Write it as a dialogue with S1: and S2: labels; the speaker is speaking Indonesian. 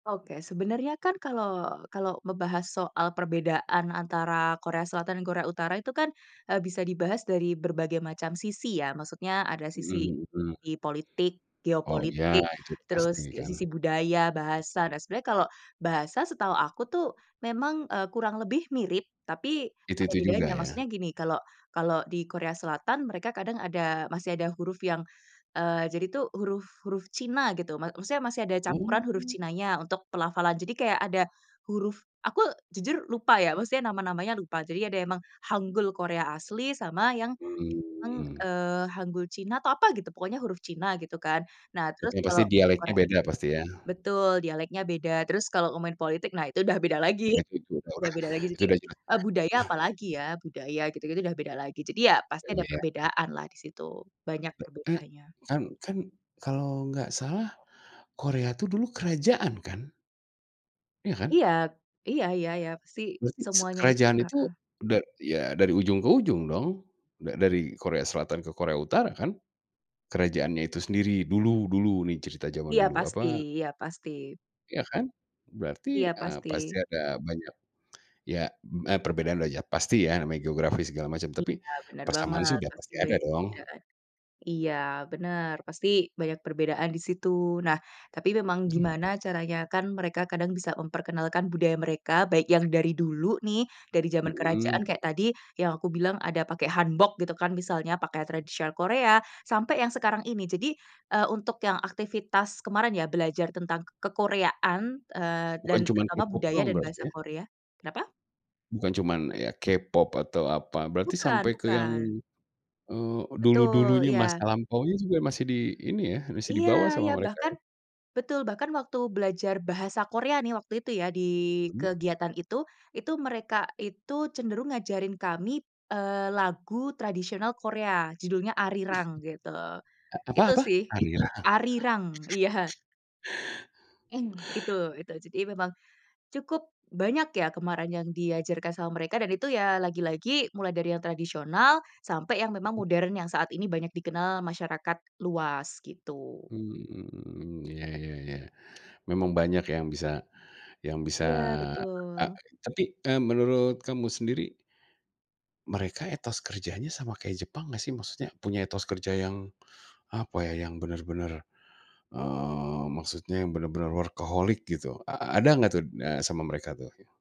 S1: Oke, sebenarnya kan kalau kalau membahas soal perbedaan antara Korea Selatan dan Korea Utara itu kan, eee, bisa dibahas dari berbagai macam sisi ya. Maksudnya, ada sisi
S2: Mhm mhm.
S1: sisi politik,
S2: Oh ya,
S1: geopolitik,
S2: itu pasti
S1: terus
S2: kan.
S1: sisi budaya, bahasa, dan sebenarnya kalau bahasa setahu aku tuh memang, eee, kurang lebih mirip tapi
S2: Itu
S1: ada
S2: itu juga
S1: bedanya.
S2: ya.
S1: Maksudnya gini, kalau kalau di Korea Selatan mereka kadang ada masih ada huruf yang, eee, jadi tuh huruf huruf China gitu. Ma maksudnya masih ada campuran huruf
S2: Mmm.
S1: China-nya untuk pelafalan, jadi kayak ada huruf aku, jujur lupa ya, maksudnya nama-namanya lupa. Jadi ada emang hanggul Korea asli sama yang, emang,
S2: Mmm.
S1: eee, hanggul China atau apa gitu, pokoknya huruf China gitu kan. Nah terus
S2: Yang pasti
S1: kalau
S2: dialeknya
S1: Korea
S2: beda, pasti ya.
S1: betul, dialeknya beda. Terus kalau main politik, nah itu udah beda lagi
S2: Nah itu udah
S1: udah
S2: udah,
S1: beda lagi.
S2: itu
S1: Jadi,
S2: udah jelas
S1: eee, budaya
S2: nah
S1: apalagi ya, budaya gitu gitu udah beda lagi. Jadi ya, pasti
S2: dan
S1: ada
S2: iya
S1: perbedaan lah di situ, banyak
S2: E e
S1: perbedaannya.
S2: kan kan kalau nggak salah, Korea tuh dulu kerajaan kan? Iya kan?
S1: Iya iya, ya ya, pasti
S2: Berarti s
S1: semuanya itu
S2: kerajaan itu
S1: heeh.
S2: da ya dari ujung ke ujung dong. Da dari Korea Selatan ke Korea Utara kan. Kerajaannya itu sendiri, dulu dulu nih cerita zaman
S1: Iya
S2: dulu,
S1: pasti
S2: apa
S1: iya pasti.
S2: iya kan, berarti,
S1: Iya
S2: eee,
S1: pasti.
S2: pasti ada, banyak ya, me e perbedaan lah ya, pasti ya, namanya geografis segala macam. Tapi,
S1: Iya, benar
S2: persamaan sih
S1: banget,
S2: sudah
S1: pasti
S2: pasti ada
S1: banyak
S2: dong.
S1: perbedaan. Iya, benar, pasti banyak perbedaan di situ. Nah, tapi memang
S2: Mhm.
S1: gimana caranya kan mereka kadang bisa memperkenalkan budaya mereka, baik yang dari dulu nih, dari zaman
S2: Mhm.
S1: kerajaan, kayak tadi, yang aku bilang ada pakai Hanbok gitu kan misalnya, pakaian tradisional Korea, sampai yang sekarang ini. Jadi, eee, untuk, yang aktivitas kemarin ya belajar tentang kekoreaan, eee, dan
S2: Bukan cuman
S1: agama,
S2: K-Pop
S1: budaya
S2: doang
S1: dan bahasa
S2: berarti ya?
S1: Korea kenapa?
S2: Bukan cuman ya K-Pop atau apa. Berarti
S1: Bukan
S2: sampai ke yang,
S1: bukan.
S2: eee,
S1: Betul,
S2: dulu-dulunya masa
S1: iya.
S2: lampaunya juga masih di ini ya, masih
S1: Iya
S2: dibawa sama
S1: iya,
S2: mereka ya?
S1: bahkan betul, bahkan waktu belajar bahasa Korea nih waktu itu ya, di
S2: Mmm.
S1: kegiatan itu. Itu mereka itu cenderung ngajarin kami, eee, lagu tradisional Korea, judulnya
S2: Mmm,
S1: Arirang gitu.
S2: a apa
S1: Itu
S2: apa, Arirang?
S1: sih. Arirang iya. Mmm, itu itu. Jadi memang, cukup banyak ya kemarin yang diajarkan sama mereka, dan itu ya, lagi-lagi mulai dari yang tradisional, sampai yang memang
S2: Mmm.
S1: modern yang saat ini banyak dikenal masyarakat luas gitu.
S2: Mmm, iya ya ya. Memang banyak yang bisa yang bisa
S1: Iya,
S2: e
S1: betul.
S2: tapi, eee, menurut kamu sendiri mereka etos kerjanya sama kayak Jepang nggak sih, maksudnya, punya etos kerja yang, apa ya, yang benar-benar, eee, maskudnya yang benar-benar workaholic gitu heeh, a ada nggak tuh, eee, sama mereka tuh ya?